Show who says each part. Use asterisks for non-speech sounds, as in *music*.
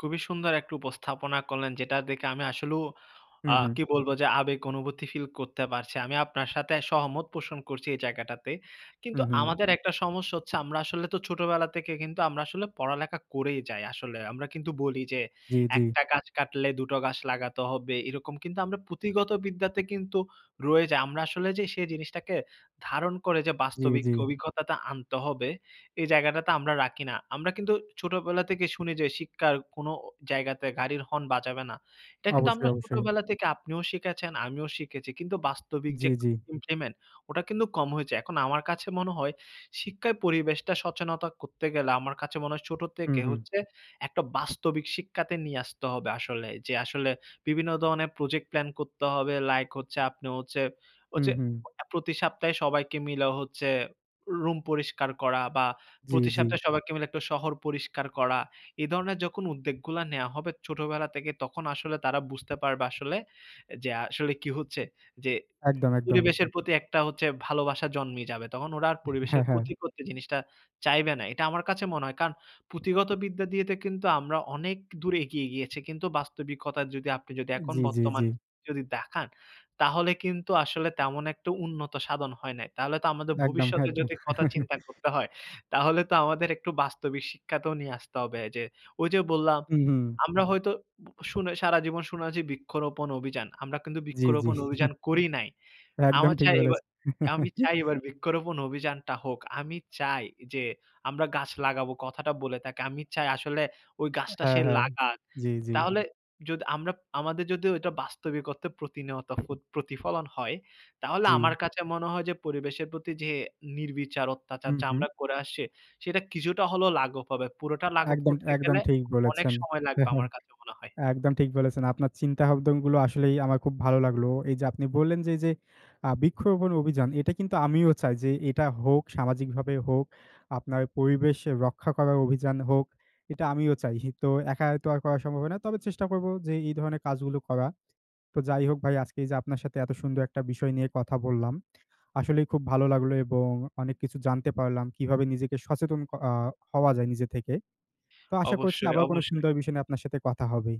Speaker 1: খুবই সুন্দর একটি উপস্থাপনা করলেন যেটা দেখে আমি আসলেও
Speaker 2: হুম,
Speaker 1: আ
Speaker 2: হুম।
Speaker 1: কি বলব যে, আবেগ অনুভূতি ফিল করতে পারছি, আমি আপনার সাথে সহমত পোষণ করছি এই জায়গাটাতে। কিন্তু
Speaker 2: হুম, হুম।
Speaker 1: আমাদের একটা সমস্যা হচ্ছে আমরা আসলে তো ছোটবেলা থেকে কিন্তু আমরা আসলে পড়ালেখা করেই যাই, আসলে। আমরা কিন্তু বলি যে,
Speaker 2: জি,
Speaker 1: "১
Speaker 2: জি।
Speaker 1: টা গাছ কাটলে, ২ টো গাছ লাগাতে হবে", এরকম কিন্তু আমরা পুঁথিগত বিদ্যাতে কিন্তু রয়ে যাই। আমরা আসলে যে, সেই জিনিসটাকে ধারণ করে যে,
Speaker 2: জি,
Speaker 1: বাস্তবিক
Speaker 2: জি।
Speaker 1: অভিজ্ঞতাটা আনতে হবে, এই জায়গাটাতে আমরা রাখি না। আমরা কিন্তু ছোটবেলা থেকে শুনি যে, শিক্ষার কোন জায়গাতে গাড়ির হর্ন বাজাবে না। এটা কিন্তু
Speaker 2: অবশ্যই,
Speaker 1: আমরা
Speaker 2: অবশ্যই।
Speaker 1: ছোটবেলা থেকে আপনিও শিখেছেন, আমিও শিখেছি কিন্তু বাস্তবিক
Speaker 2: জি,
Speaker 1: যে
Speaker 2: জি।
Speaker 1: ইমপ্লিমেন্ট, ওটা কিন্তু কম হয়েছে। এখন আমার কাছে মনে হয়, শিক্ষায় পরিবেশটা সচেতনতা করতে গেলে আমার কাছে মনে হয়, ছোট
Speaker 2: হুম,
Speaker 1: থেকে
Speaker 2: হুম।
Speaker 1: হচ্ছে একটা বাস্তবিক শিক্ষাতে নিয়ে আসতে হবে আসলে। যে আসলে বিভিন্ন ধরনের প্রজেক্ট প্ল্যান করতে হবে, লাইক হচ্ছে আপনি হচ্ছে,
Speaker 2: হুম,
Speaker 1: হচ্ছে
Speaker 2: হুম।
Speaker 1: প্রতি সপ্তাহে সবাইকে মিলে হচ্ছে রুম পরিষ্কার করা বা
Speaker 2: জি,
Speaker 1: প্রতি
Speaker 2: জি।
Speaker 1: সপ্তাহে সবাইকে মিলে ১ টা শহর পরিষ্কার করা। এই ধরনের যখন উদ্যোগগুলা নেয়া হবে, ছোটবেলা থেকে তখন আসলে তারা বুঝতে পারবে আসলে যে, আসলে কি হচ্ছে, যে
Speaker 2: একদম, একদম।
Speaker 1: পরিবেশের প্রতি একটা হচ্ছে ভালোবাসা জন্মে যাবে। তখন ওরা আর পরিবেশের
Speaker 2: হ্যাঁ, হ্যাঁ।
Speaker 1: ক্ষতি করতে জিনিসটা চাইবে না। এটা আমার কাছে মনে হয়, কারণ পুঁথিগত বিদ্যা দিয়েতে কিন্তু আমরা অনেক দূর এগিয়ে গিয়েছি। কিন্তু বাস্তবিকতা যদি আপনি যদি, এখন
Speaker 2: জি, জি,
Speaker 1: বর্তমান
Speaker 2: জি।
Speaker 1: যদি দেখান, তাহলে কিন্তু আসলে তেমন একটা উন্নত সাধন হয় নাই। তাহলে তো আমাদের
Speaker 2: একদম,
Speaker 1: ভবিষ্যতে
Speaker 2: একদম।
Speaker 1: যদি কথা
Speaker 2: *laughs*
Speaker 1: চিন্তা করতে হয়, তাহলে তো আমাদের একটু বাস্তবিক শিক্ষাতেও নিয়ে আসতে হবে যে, ঐ যে বললাম,
Speaker 2: হুম, হুম।
Speaker 1: আমরা হয়তো শুনে সারা জীবন শোনাচ্ছি বৃক্ষরোপণ অভিযান। আমরা কিন্তু
Speaker 2: জি, জি।
Speaker 1: বৃক্ষরোপণ অভিযান
Speaker 2: *chuckles*
Speaker 1: করি নাই,
Speaker 2: একদম
Speaker 1: আমার
Speaker 2: ঠিক
Speaker 1: চাই এবার
Speaker 2: বলেছেন।
Speaker 1: "আমি চাই,
Speaker 2: *chuckles*
Speaker 1: এবার বৃক্ষরোপণ অভিযানটা হোক", আমি চাই যে, আমরা গাছ লাগাবো, কথাটা বলে থাকে আমি চাই আসলে ওই গাছটা
Speaker 2: হ্যাঁ,
Speaker 1: সে
Speaker 2: হ্যাঁ,
Speaker 1: লাগাক,
Speaker 2: জি, জি।
Speaker 1: তাহলে যদি আমরা, আমাদের যদি ওইটা বাস্তবিক অর্থে প্রতিনিয়ত প্রতিফলন হয়, তাহলে আমার
Speaker 2: জি।
Speaker 1: কাছে মনে হয় যে, পরিবেশের প্রতি যে নির্বিচার অত্যাচার,
Speaker 2: হুম,
Speaker 1: যা
Speaker 2: হুম।
Speaker 1: আমরা করে আসছি, সেটা কিছুটা হলেও লাঘব হবে, পুরোটা লাঘব
Speaker 2: একদম,
Speaker 1: করতে
Speaker 2: একদম
Speaker 1: গেলে
Speaker 2: ঠিক
Speaker 1: অনেক
Speaker 2: বলেছেন,
Speaker 1: সময় লাগবে
Speaker 2: হ্যাঁ, হ্যাঁ।
Speaker 1: আমার কাছে মনে হয়।
Speaker 2: একদম ঠিক বলেছেন, আপনার চিন্তাভাবনাগুলো আসলেই আমার খুব ভালো লাগলো। এই যে আপনি বললেন যে, যে আ বৃক্ষরোপণ অভিযান এটা কিন্তু আমিও চাই যে এটা হোক, সামাজিকভাবে হোক, আপনার পরিবেশ রক্ষা করার অভিযান হোক, এটা আমিও চাই। তো একাই তো আর করা সম্ভব না, তবে চেষ্টা করব যে, এই ধরনের কাজগুলো করা। তো যাই হোক, ভাই আজকে এই যে আপনার সাথে এত সুন্দর একটা বিষয় নিয়ে কথা বললাম, আসলেই খুব ভালো লাগলো এবং অনেক কিছু জানতে পারলাম। কিভাবে নিজেকে সচেতন আ হওয়া যায়, নিজে থেকে। তো আশা করছি
Speaker 1: অবশ্যই,
Speaker 2: আবার কোন
Speaker 1: অবশ্যই।
Speaker 2: সুন্দর বিষয় নিয়ে আপনার সাথে কথা হবে